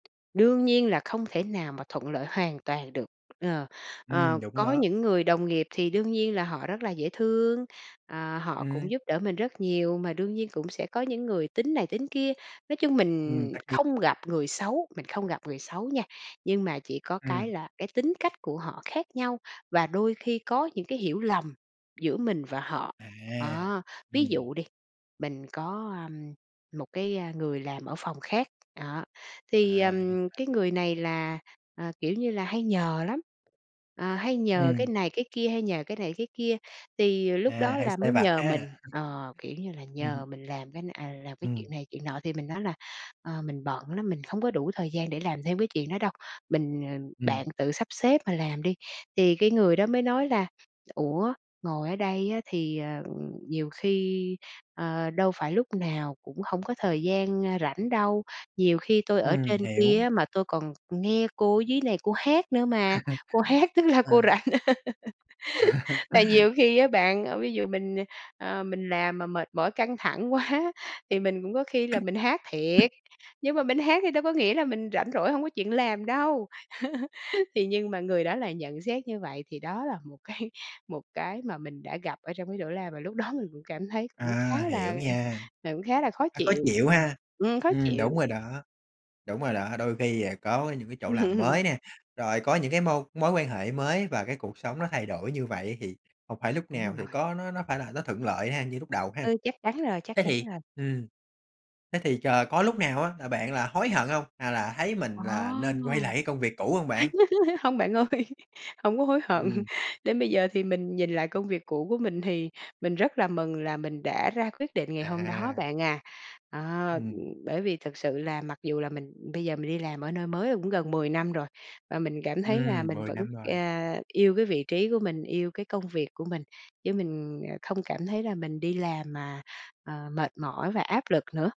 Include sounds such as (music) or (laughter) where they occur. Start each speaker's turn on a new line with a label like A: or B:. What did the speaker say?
A: Đương nhiên là không thể nào mà thuận lợi hoàn toàn được. Ờ,
B: Ừm,
A: ờ,
B: đúng
A: có
B: đó.
A: những người đồng nghiệp thì đương nhiên là họ rất là dễ thương, ờ, họ
B: Ừm.
A: cũng giúp đỡ mình rất nhiều, mà đương nhiên cũng sẽ có những người tính này, tính kia. Nói chung mình
B: Ừm, tất nhiên.
A: không gặp người xấu, mình không gặp người xấu nha, nhưng mà chỉ có cái
B: Ừm.
A: là cái tính cách của họ khác nhau, và đôi khi có những cái hiểu lầm giữa mình và họ.
B: À,
A: Đó, ví
B: ừm.
A: dụ đi, mình có, ưm, một cái, à, người làm ở phòng khác, đó, thì,
B: À, thì
A: ừm,
B: ra
A: cái
B: vậy.
A: người này là, ờ, kiểu như là, hay nhờ lắm. Ờ, hay nhờ cái
B: Ừm.
A: này cái kia, hay nhờ cái này cái kia, thì lúc
B: À,
A: đó
B: hay
A: là
B: sai
A: mới
B: vặt
A: nhờ mình,
B: ha.
A: ờ, kiểu như là,
B: Ừm hưm.
A: nhờ mình làm cái n à, làm cái chuyện
B: Ừm.
A: này chuyện nọ. Thì mình nói là, ờ: "Mình bận lắm, mình không có đủ thời gian để làm thêm cái chuyện đó đâu. Mình ờ,
B: Ừm.
A: bạn tự sắp xếp mà làm đi." Thì cái người đó mới nói là "Ủa, ngồi ở đây á thì, ờ, nhiều khi, ờ, đâu phải lúc nào cũng hổng có thời gian, ơ, rảnh đâu. Nhiều khi tôi ở
B: Ừm,
A: trên kia
B: hiểu.
A: á mà tôi còn nghe cô ở dưới này cô hát nữa mà, cô hát
B: (laughs)
A: tức là
B: Ờ.
A: cô rảnh.".
B: (laughs)
A: (laughs) Tại nhiều khi á bạn, ờ, ví dụ mình, ờ, mình làm mà mệt mỏi, căng thẳng quá thì mình cũng có khi là mình hát thiệt. Nhưng mà mình hát thì đâu có nghĩa là mình rảnh rỗi, hông có chuyện làm đâu. (laughs) Thì nhưng mà người đó lại nhận xét như vậy, thì đó là một cái một cái mà mình đã gặp ở trong cái chỗ làm và lúc đó mình cũng cảm thấy cũng
B: À,
A: khá là
B: hiểu
A: ờ,
B: nha.
A: ờ, cũng khá là khó
B: Hơi khó
A: chịu.
B: chịu
A: Ừm.
B: ha.
A: Ừm, khó
B: Ừm,
A: chịu.
B: đúng rồi đó, đúng rồi đó. Đôi khi, à, có những cái chỗ làm
A: (laughs)
B: mới nè, rồi có những cái môi mối quan hệ mới và cái cuộc sống nó thay đổi như vậy, thì không phải lúc
A: Đúng
B: nào
A: mình
B: thì
A: rồi.
B: có nó nó nó phải là nó thuận lợi ha, như lúc đầu ha.
A: Ừ, chắc chắn rồi, chắc
B: Thế
A: chắn
B: thì
A: rồi.
B: ừm, thế thì chờ có lúc nào á, là bạn là hối hận hông, à, là thấy mình
A: Ồ!
B: là nên quay lại cái công việc cũ không bạn?
A: (laughs) Hông bạn ơi, hông có hối hận.
B: Ừm.
A: Đến bây giờ thì mình nhìn lại công việc cũ của mình, thì mình rất là mừng là mình đã ra quyết định ngày hôm đó
B: À.
A: bạn à. Ờ, ừ,
B: Ừm.
A: bởi vì thực sự là mặc dù là mình bây giờ mình đi làm ở nơi mới cũng gần 10 năm rồi, và mình cảm thấy là
B: Ừm,
A: mình
B: 10
A: vẫn,
B: năm rồi.
A: à, yêu cái vị trí của mình, yêu cái công việc của mình. Chứ mình, ờ, không cảm thấy là mình đi làm mà, à, mệt mỏi và áp lực nữa.